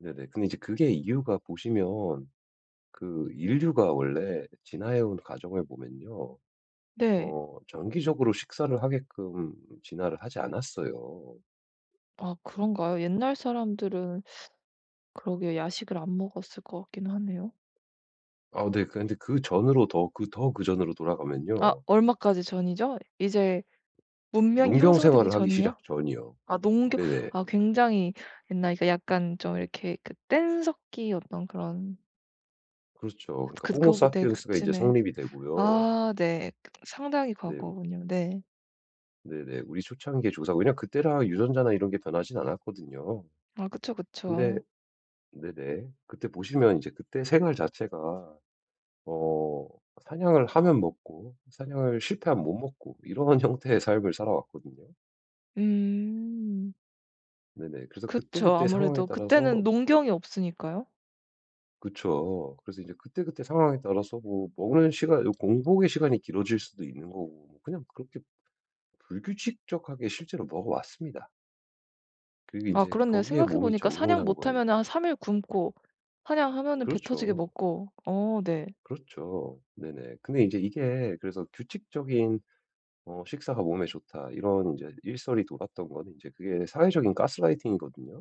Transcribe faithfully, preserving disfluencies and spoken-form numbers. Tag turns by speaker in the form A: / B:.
A: 네네. 근데 이제 그게 이유가 보시면 그 인류가 원래 진화해 온 과정을 보면요.
B: 네.
A: 어 정기적으로 식사를 하게끔 진화를 하지 않았어요.
B: 아 그런가요? 옛날 사람들은 그러게요. 야식을 안 먹었을 것 같긴 하네요.
A: 아 네. 그런데 그전으로 더 그 더 그전으로
B: 아
A: 돌아가면요.
B: 얼마까지 전이죠? 이제 문명이
A: 농경
B: 형성되기
A: 생활을 하기
B: 전이요?
A: 시작 전이요.
B: 아 농경
A: 네네.
B: 아 굉장히 옛날 그러니까 약간 좀 이렇게 그 뗀석기 어떤 그런
A: 그렇죠.
B: 그래도
A: 그러니까 호모
B: 그거 보 네
A: 사피엔스가 이제
B: 그쯤에
A: 성립이 되고요.
B: 아 네 그 상당히
A: 네.
B: 과거군요. 네.
A: 네네. 우리 초창기의 조상. 왜냐하면 그때랑 유전자나 이런 게 변하진 않았거든요.
B: 아 그쵸,
A: 근데
B: 그쵸.
A: 네네 그때 보시면 이제 그때 생활 자체가 어 사냥을 하면 먹고 사냥을 실패하면 못 먹고 이러한 형태의 삶을 살아왔거든요.
B: 음.
A: 네네. 그래서
B: 그쵸.
A: 그때그때 상황에
B: 아무래도
A: 따라서
B: 그때는 농경이 없으니까요.
A: 그쵸, 그래서 이제 그때그때 상황에 따라서 뭐 먹는 시간이 공복의 시간이 길어질 수도 있는 거고 뭐 그냥 그렇게 불규칙적하게 실제로 먹어 왔습니다. 그리고
B: 아
A: 인제
B: 그렇네요.
A: 거기에
B: 생각해
A: 몸이
B: 보니까
A: 적응을
B: 사냥
A: 한
B: 못 하면은 한
A: 거예요.
B: 삼 일 굶고 사냥하면은 배 터지게
A: 그렇죠.
B: 먹고. 어 네.
A: 그렇죠. 네네. 근데 이제 이게 그래서 '규칙적인 어 식사가 몸에 좋다' 이런 이제 일설이 돌았던 거는, 이제 그게 사회적인 가스라이팅이거든요.